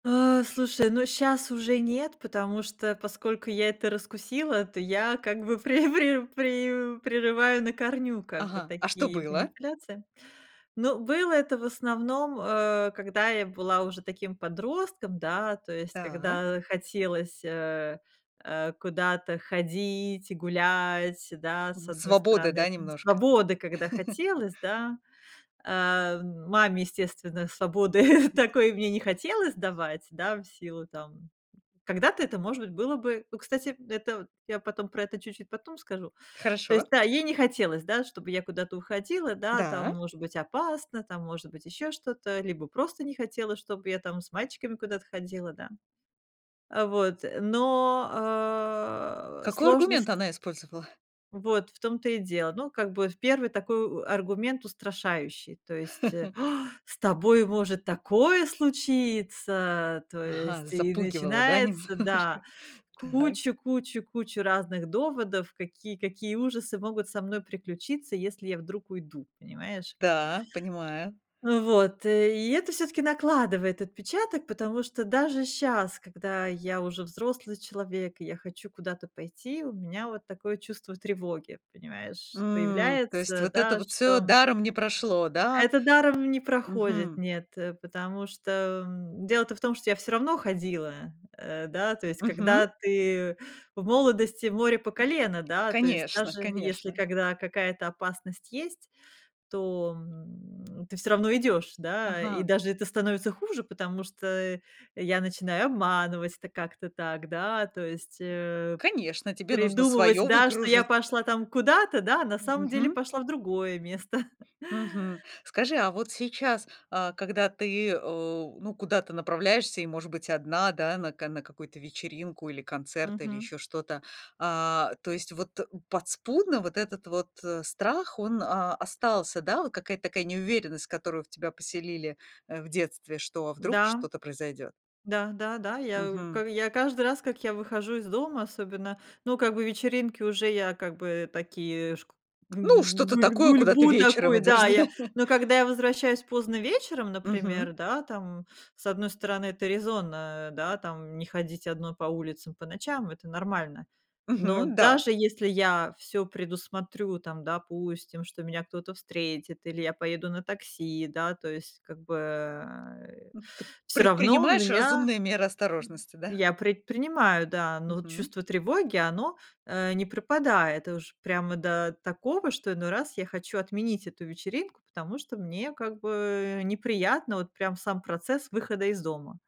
А, слушай, ну щас уже нет, потому что, поскольку я это раскусила, то я как бы пре пре пре прерываю на корню, как бы Ага. А что такие было? манипуляции. Но было это в основном, э, когда я была уже таким подростком, да, то есть Так? когда хотелось, э, э, куда-то ходить и гулять, да, с 1 Свободы, стороны, да, там немножко? свободы когда хотелось, да. А маме, естественно, свободы такой мне не хотелось давать, да, в силу там, м. Когда-то это, может быть, было бы. Ну, кстати, это я потом про это чуть-чуть потом скажу. То есть, Хорошо. да, ей не хотелось, да, чтобы я куда-то уходила, да, там, Да. может быть, опасно, там, может быть, ещё что-то, либо просто не хотела, чтоб я там с мальчиками куда-то ходила, да. А вот, но, э, Какой аргумент сложность она использовала? Вот, в том-то и дело. Ну, как бы в первый такой аргумент устрашающий, то есть э. "А, с тобой может такое случиться" то Ага, есть и запугивала, да, начинается, да, немножко. Так. кучу кучу кучу разных доводов, какие какие ужасы могут со мной приключиться, если я вдруг уйду, понимаешь? Да, понимаю. Э, вот, и это всё-таки накладывает отпечаток, потому что даже щас, когда я уже взрослый человек, и я хочу куда-то пойти, у меня вот такое чувство тревоги, понимаешь, М, то есть появляется, вот это да, вот что всё м даром не прошло, да? Это даром не проходит, Мгм. нет, э, потому что, м, дело-то в том, что я всё равно ходила, э, да, то есть, Мгм. когда ты в молодости- море по колено, да, то есть, Конечно, даже если конечно. когда какая-то опасность есть, то, м, ты всё равно идёшь, да? И Ага. даже это становится хуже, потому что я начинаю обманывать это как-то так, да? То есть, э, Конечно, тебе нужно придумывать, своё да, что я выкружить. пошла там куда-то, да? На М, самом деле мгм. пошла в другое место. Мгм, скажи, а вот сейчас, а, когда ты у ну, куда-то направляешься и, может быть, 1, да, на ка какую-то вечеринку или концерт, или Мгм. ещё что-то, а, то есть вот подспудно вот этот вот, э, страх, он, а, остался, да, вот какая-то такая неуверенность, которую в тебя поселили, э, в детстве, что а вдруг Да. что-то произойдёт. Да-да-да, я у Мгм. я к каждый раз, как я выхожу из дома, особенно, ну, как бы вечеринки уже я как бы такие шк г Ну, что-то гуль такое, куда ты гульбу вечером такой, идешь, да, я, да? но когда я возвращаюсь поздно вечером, например, Мгм. да, там, с 1 стороны, это резонно, да, там, не ходить 1 по улицам по ночам, это нормально. Но Мгм, да. даже если я всё предусмотрю, там, допустим, что меня кто-то встретит или я поеду на такси, да, то есть, как бы, э, Ты всё равно предпринимаешь меня разумные меры осторожности, да? я предпринимаю, да, но вот Мгм. чувство тревоги, оно, э, не пропадает уж прямо до такого, что иной раз я хочу отменить эту вечеринку, потому что мне, как бы, неприятно вот прям сам процесс выхода из дома.